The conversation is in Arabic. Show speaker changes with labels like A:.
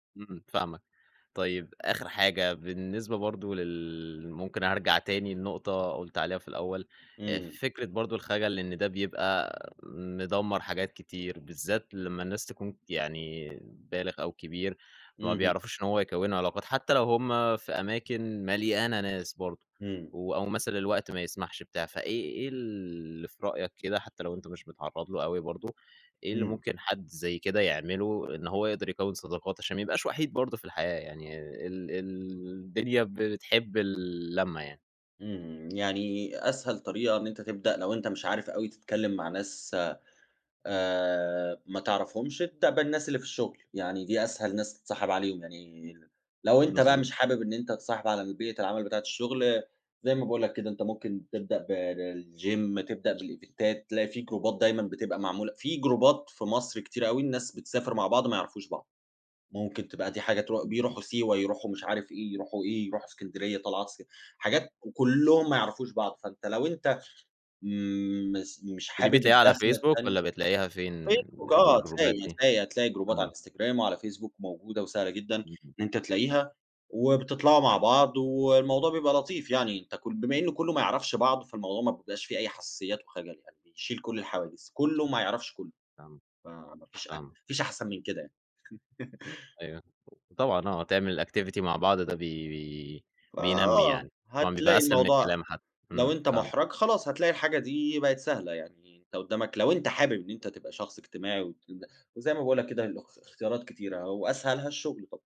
A: امم فاهمك. طيب آخر حاجة بالنسبة برضو لل ممكن أرجع تاني لنقطة قُلْت عليها في الأول، آآ
B: امم.
A: فكرة برضو الخجل إن ده بيبقى مدمَّر حاجات كتير، بالذات لمَّا الناس تكون يعني بالغ أو كبير، فما
B: اهم.
A: بيعرفوش إن هو يكونوا علاقات حتى لو هم في أماكن مليانة ناس برضو،
B: امم.
A: و أو مثلًا الوقت ما يسمحش بتاع. فإيه إيه اللي في رأيك كده حتى لو أنتَ مش متعرض له أوي برضو، إيه اللي
B: امم.
A: ممكن حد زي كده يعمله؟ إن هو يقدر يكون صداقات عشان ما يبقاش وحيد برضو في الحياة، يعني ال ال الدنيا بتحب اللمة يعني.
B: امم يعني أسهل طريقة إن أنتَ تبدأ لو أنتَ مش عارف أوي تتكلِّم مع ناس آآ ما تعرفهمش، ابدأ بالناس اللي في الشغل، يعني دي أسهل ناس تتصاحب عليهم، يعني لو أنتَ بقى
A: مضبوط.
B: مش حابب إن أنتَ تتصاحب على البيئة العمل بتاعة الشغل، زي ما باقول لَك كده أنتَ ممكن تبدأ ب بالgym تبدأ بالإيڤنتات تلاقي في جروبات دايمًا بتبقى معمولة في جروبات في مصر كتير أوي الناس بتسافر مع بعض ما يعرفوش بعض. ممكن تبقى دي حاجة ترو
A: [unintelligible]
B: بيروحوا سيوة، يروحوا مش عارف إيه، يروحوا إيه، يروحوا إسكندرية طلعات اس حاجات وكلّهم ما يعرفوش بعض، فأنتَ لو أنتَ مس مش
A: ودي
B: حابب
A: بتلاقيها على
B: الداخلة
A: فيسبوك
B: التاني
A: والَّا بتلاقيها فين
B: فيسبوك
A: ال
B: آه،
A: الجروبات
B: هتلاقي،
A: دي؟
B: هتلاقي، هتلاقي جروبات على
A: امم.
B: الinstgram وعلى الفيسبوك موجودة وسهلة جدًا إن
A: [unintelligible]
B: أنتَ تلاقيها، وبتطلعوا مع بعض والموضوع بيبقى لطيف يعني، أنت كل بما إنّه كلّه ما بيعرفش بعض، فالموضوع ما بيبقاش فيه أي حساسيات و خجل، يعني بيشيل كل الحواجز، كله ما يعرفش كلّه،
A: فاهمك،
B: ف ما فيش ما
A: فاهمك.
B: فيش أحسن من كده يعني.
A: أيوه، طبعًا آه، تعمل activity مع بعض ده بي بي بينمي
B: فآه،
A: يعني، طبعًا بيبقى
B: هتلاقي
A: أسهل من
B: الموضوع
A: الكلام حتّي.
B: لو
A: امم،
B: أنتَ مُحرَج،
A: فاهمك.
B: خلاص هتلاقي الحاجة دي بقت سهلة يعني، أنتَ قدّامك لو أنتَ حابب إن أنتَ تبقى شخص اجتماعي، وتبدأ وزي ما باقول لك كده الاخ الاختيارات كتيرة وأسهلها الشغل طبعًا.